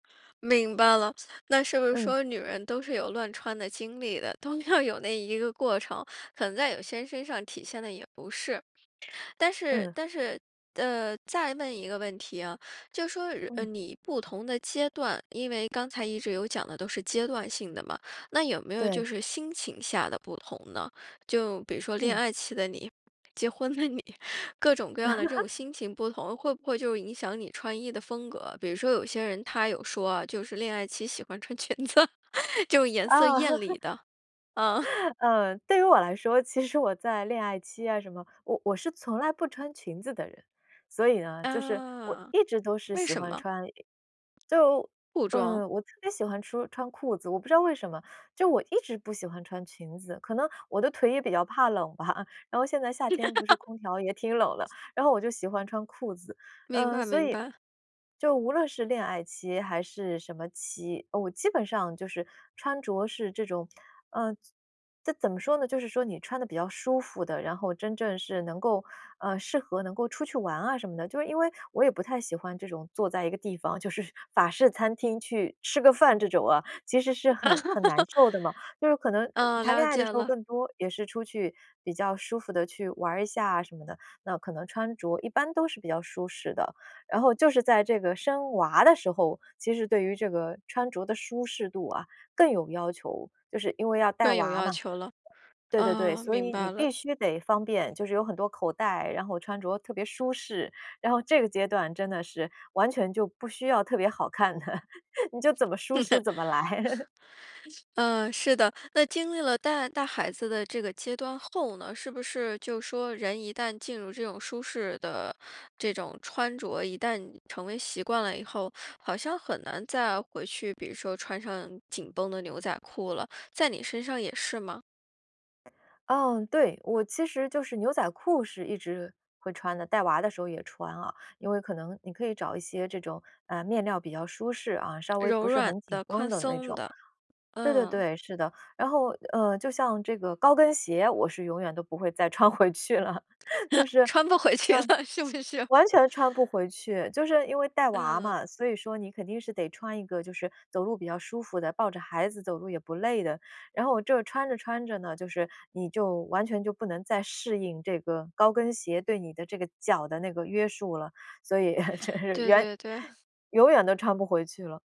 明白了。那是不是嗯。说女人都是有乱穿的经历的？都要有那一个过程。可能在有些身上体现的也不是但是嗯。但是呃，再问一个问题啊。就说，呃，嗯。你不同的阶段因为刚才一直有讲的都是阶段性的嘛。那有没有对。就是心情下的不同呢？就比如说恋嗯。爱期的你，结婚的你，各种各样的这种 心情不同，会不会就影响你穿衣的风格。比如说有些人，她有说啊，就是恋爱期喜欢穿裙子，就颜啊。色艳丽 的。啊。呃，对于我来说，其实我在恋爱期啊，什么我我是从来不穿裙子的人。所以呢就是我呃，一直都是为喜什欢么？穿就裤装？呃，我特别喜欢说穿裤子。我不知道为什么。就我一直不喜欢穿裙子。可能我的腿也比较怕冷吧。然后现在夏天不是空调也挺冷 的。然后我就喜欢穿裤子。明嗯，白所明以白。就无论是恋爱期，还是什么期，我基本上就是穿着是这种呃，这怎么说呢，就是说你穿得比较舒服的，然后真正是能够，呃，适合能够出去玩啊什么的。就是因为我也不太喜欢这种坐在一个地方。就是，法式餐厅去吃个饭这种啊。其实是很很难受的嘛。就是可 能嗯，谈恋了爱解了。嗯，了解的时候了。更多，也是出去比较舒服地去，玩儿一下什么的。那可能穿着一般都是比较舒适的。然后就是在这个生娃的时候，其实对于这个穿着的舒适度啊，更有要求。就是因为要带更有娃要嘛。求了，对对对，啊，所明以你白了。必须得方便，就是有很多口袋，然后穿着特别舒适。然后这个阶段真的是，完全就不需要特别好看的，你就怎么舒适，怎么来。嗯，是的。那经历了带带孩子的这个阶段后呢？是不是就说人一旦进入这种舒适的这种穿着。一旦成为习惯了以后，好像很难再回去。比如说，穿上紧绷的牛仔裤了，在你身上也是吗？哦，对。我其实就是牛仔裤是一直会穿的。带娃的时候也穿啊。因为可能你可以找一些这种，呃，面料比较舒适啊，稍微不柔是软很紧的，绷宽的那松种。的，对对嗯。对，是的。然后，呃，就像这个高跟鞋，我是永远都不会再穿回去了。就 是，穿不回去嗯。了，是不是？完全穿不回去。就是因为带娃嗯。嘛，所以说你肯定是得穿一个就是走路比较舒服的，抱着孩子走路也不累的。然后这穿着穿着呢，就是你就完全就不能再适应这个高跟鞋对你的这个脚的那个约束了。所以，这对远，对对。永远都穿不回去了。